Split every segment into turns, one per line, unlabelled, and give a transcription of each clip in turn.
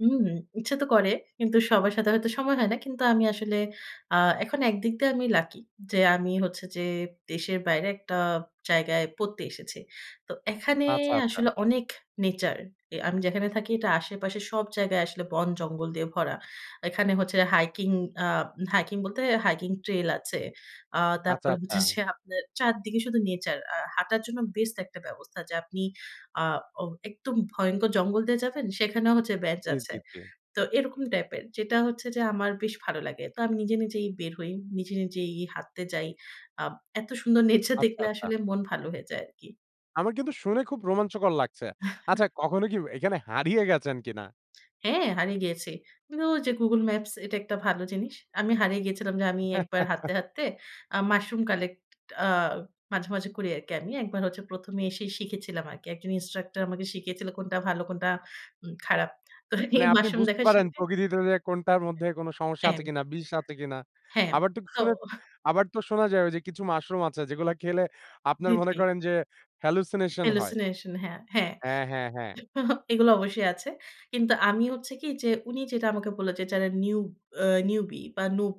হুম, ইচ্ছা তো করে। কিন্তু সবার সাথে হয়তো সময় হয় না। কিন্তু আমি আসলে আ এখন একদিক দিয়ে আমি লাকি যে, আমি হচ্ছে যে দেশের বাইরে একটা জায়গায় পড়তে এসেছি। তো এখানে
আচ্ছা, আচ্ছা।
আসলে অনেক নেচার, এ আমি যেখানে থাকি, এটা আশেপাশে সব জায়গায় আসলে বন জঙ্গল দিয়ে ভরা। এখানে হচ্ছে হাইকিং আ হাইকিং বলতে হাইকিং ট্রেল আছে। আ
আচ্ছা,
তারপরে
আচ্ছা।
হচ্ছে যে আপনের চারদিকে শুধু নেচার। আর হাঁটার জন্য বেস্ট একটা ব্যবস্থা যে, আপনি আ অ একদম ভয়ংকর জঙ্গল দিয়ে যাবেন। সেখানেও হচ্ছে বেঞ্চ
জি
আছে।
,জি, জি।
তো এরকম টাইপের যেটা হচ্ছে যে, আমার বেশ ভালো লাগে। তো আমি নিজে, নিজেই বের হই। নিজে, নিজেই হাঁটতে যাই। আ এত সুন্দর নেচার
আচ্ছা,
দেখলে
আচ্ছা।
আসলে মন ভালো হয়ে যায় আরকি।
আমার কিন্তু শুনে খুব রোমাঞ্চকর লাগছে। আচ্ছা, কখনো কি এখানে হারিয়ে গেছেন কিনা?
হ্যাঁ, হারিয়ে গিয়েছি। কিন্তু যে গুগল ম্যাপস, এটা একটা ভালো জিনিস। আমি হারিয়ে গিয়েছিলাম যে, আমি ১ বার হাঁটতে, হাঁটতে আ মাশরুম কালেক্ট আ মাঝে, মাঝে করি আরকি আমি। একবার হচ্ছে ১ম এ এসেই শিখেছিলাম আরকি। একজন ইন্সট্রাক্টর আমাকে শিখিয়েছিল, কোনটা ভালো কোনটা উম খারাপ। তো এই
মানে আপনি
মাশরুম
বুঝতে
দেখা
পারেন,
শিখে
প্রকৃতিতে যে কোনটার মধ্যে কোন সমস্যা আছে
হ্যাঁ।
কিনা, বিষ আছে কিনা?
হ্যাঁ,
আবার তো
তো
শুনে আবার তো শোনা যায় ওইযে, কিছু মাশরুম আছে যেগুলা খেলে আপনার মনে
জিতলি।
করেন যে, হ্যালুসিনেশন হয়।
হ্যালুসিনেশন, হ্যাঁ, হ্যাঁ।
হ্যাঁ, হ্যাঁ, হ্যাঁ।
এগুলো অবশ্যই আছে। কিন্তু আমি হচ্ছে কি যে, উনি যেটা আমাকে বললেন যে, "যারা নিউ আ নিউবি বা নুব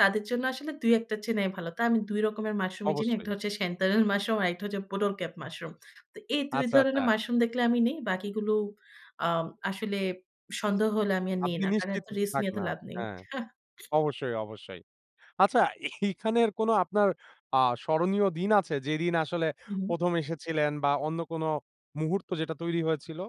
তাদের জন্য আসলে ২ ১ টা চিনাই ভালো।" তাই আমি ২ রকমের মাশরুমই চিনি। ১ টা
অবশ্যই।
হচ্ছে সেন্তানেল মাশরুম, আরেকটা হচ্ছে, বোটল ক্যাপ মাশরুম। তো এই ২
আচ্ছা,
ধরনের
আচ্ছা।
মাশরুম দেখলে আমি নেই। বাকিগুলো আ আসলে সন্দেহ হলে, আমি আর নেই
আপনি
না। কারণ
নিশ্চিত
এত রিস্ক
থাক
নিয়ে এত
না।
লাভ নেই।
হ্যাঁ, অবশ্যই, অবশ্যই। আচ্ছা এইখানের কোন আপনার আ স্মরণীয় দিন আছে, যেদিন আসলে
উ হুম।
১ম এসেছিলেন বা অন্য কোন মুহূর্ত যেটা তৈরি হয়েছিল?